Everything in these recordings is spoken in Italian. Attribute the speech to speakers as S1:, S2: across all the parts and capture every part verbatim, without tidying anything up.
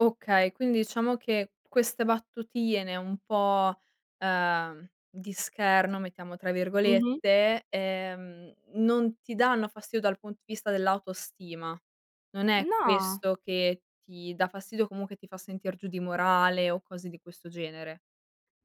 S1: Okay, quindi ciamo che queste battutine un po', ehm, di scherno, mettiamo tra
S2: Mh-mh.
S1: virgolette, ehm, non ti danno fastio dal pun di vista dell'autostima. Non è
S2: No.
S1: questo che ti dà fastidio, comunque ti fa sentir giù di morale o cose di questo genere.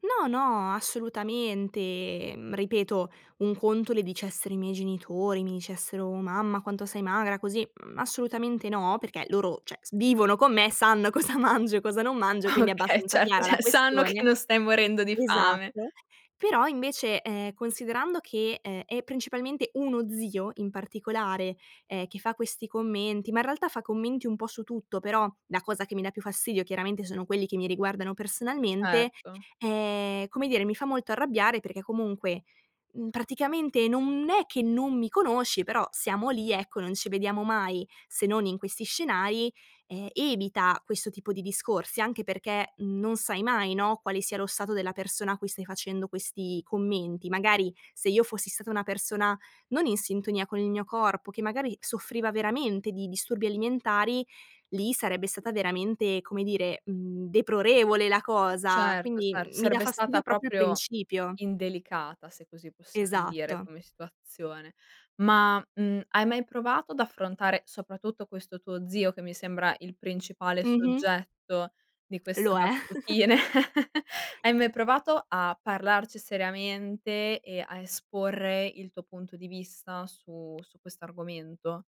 S2: No, no, assolutamente, mhmm, ripeto, un conto le dicessero i miei genitori, mi dicessero: "Mamma, quanto sei magra così"; mhmm, assolutamente no, perché loro ceh, s vivono con me, sanno cosa mangio e cosa non mangio e quindi è
S1: Okay,
S2: abbastanza
S1: certo,
S2: chiara la
S1: ceh sanno che
S2: questione
S1: non stai morendo di fame.
S2: esatto, però invece, ehm, considerando che, ehm, è principalmente uno zio, in particolare, ehm, che fa questi commenti, ma in realtà fa commenti un po' su tutto, però la cosa che mi dà più fastidio chiaramente sono quelli che mi riguardano personalmente,
S1: Certo.
S2: ehm, come dire, mi fa molto arrabbiare perché comunque, mhmm, praticamente non è che non mi conosci, però siamo lì, ecco, non ci vediamo mai, se non in questi scenari, ehm, evita questo tipo di discorsi anche perché non sai mai, no, quale sia lo stato della persona a cui stai facendo questi commenti. Magari, se io fossi stata una persona non in sintonia con il mio corpo, che magari soffriva veramente di disturbi alimentari, lì sarebbe stata veramente, come dire, mhmm, deprorevole la cosa,
S1: Certo,
S2: quindi,
S1: cer
S2: mhmm, mi dà
S1: sarebbe stata
S2: fastidio propio
S1: proprio
S2: principio.
S1: indelicata, se così possiam dire,
S2: Esatto.
S1: come situazione. Ma, mhmm, hai mai provato ad affrontare, soprattutto questo tuo zio, che mi sembra il principale
S2: Mh-mh.
S1: soggetto di queste
S2: Lo è.
S1: battutine? Hai mai provato a parlarci seriamente e a esporre il tuo punto di vista su su quest'argomento?